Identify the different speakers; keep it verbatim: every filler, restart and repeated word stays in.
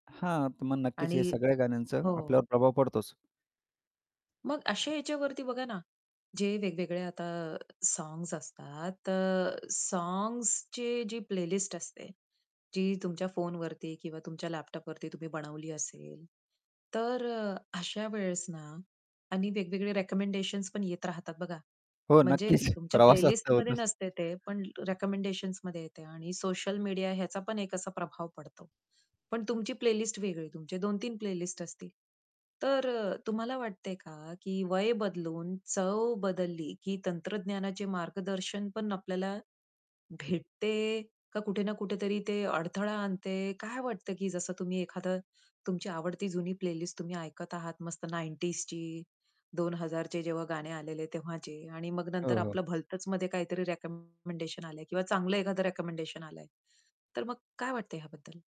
Speaker 1: हां, तर मग नक्कीच
Speaker 2: आणि
Speaker 1: हे सगळ्या गाण्यांचा
Speaker 2: हो.
Speaker 1: आपल्यावर प्रभाव पडतोच.
Speaker 2: मग अशा ह्याच्यावरती बघा ना, जे वेगवेगळे आता साँग्स असतात, अ, साँग्सची जी प्लेलिस्ट असते जी तुमच्या फोनवरती किंवा तुमच्या लॅपटॉपवरती तुम्ही बनवली असेल. तर अ, अशा वेळेस ना आणि वेगवेगळे रेकमेंडेशन्स पण येत राहतात बघा,
Speaker 1: हो,
Speaker 2: म्हणजे
Speaker 1: नक्कीच,
Speaker 2: तुमच्या
Speaker 1: प्रवासात तर
Speaker 2: प्लेलिस्टमध्ये
Speaker 1: होतच.
Speaker 2: नसते ते. पण रेकमेंडेशन्समध्ये येते आणि सोशल मीडिया ह्याचा पण एक असा प्रभाव पडतो. पण तुमची प्लेलिस्ट वेगळी, तुमचे दोन तीन प्लेलिस्ट असतील. तर अ, तुम्हाला वाटतंय का, की वय बदलून चव बदलली की तंत्रज्ञानाचे मार्गदर्शन पण आपल्याला भेटते का? कुठे ना कुठेतरी ते अडथळा आणते? काय वाटतं, की जसं तुम्ही एखादं तुमची आवडती जुनी प्लेलिस्ट तुम्ही ऐकत आहात, मस्त नाइंटीज ची, दोन हजार चे जेव्हा गाणे आलेले तेव्हाचे आणि मग नंतर
Speaker 1: हो, हो.
Speaker 2: आपलं भलतच मध्ये काहीतरी रेकमेंडेशन आलंय किंवा चांगलं एखादं रेकमेंडेशन आलंय, तर मग काय वाटतंय ह्याबद्दल?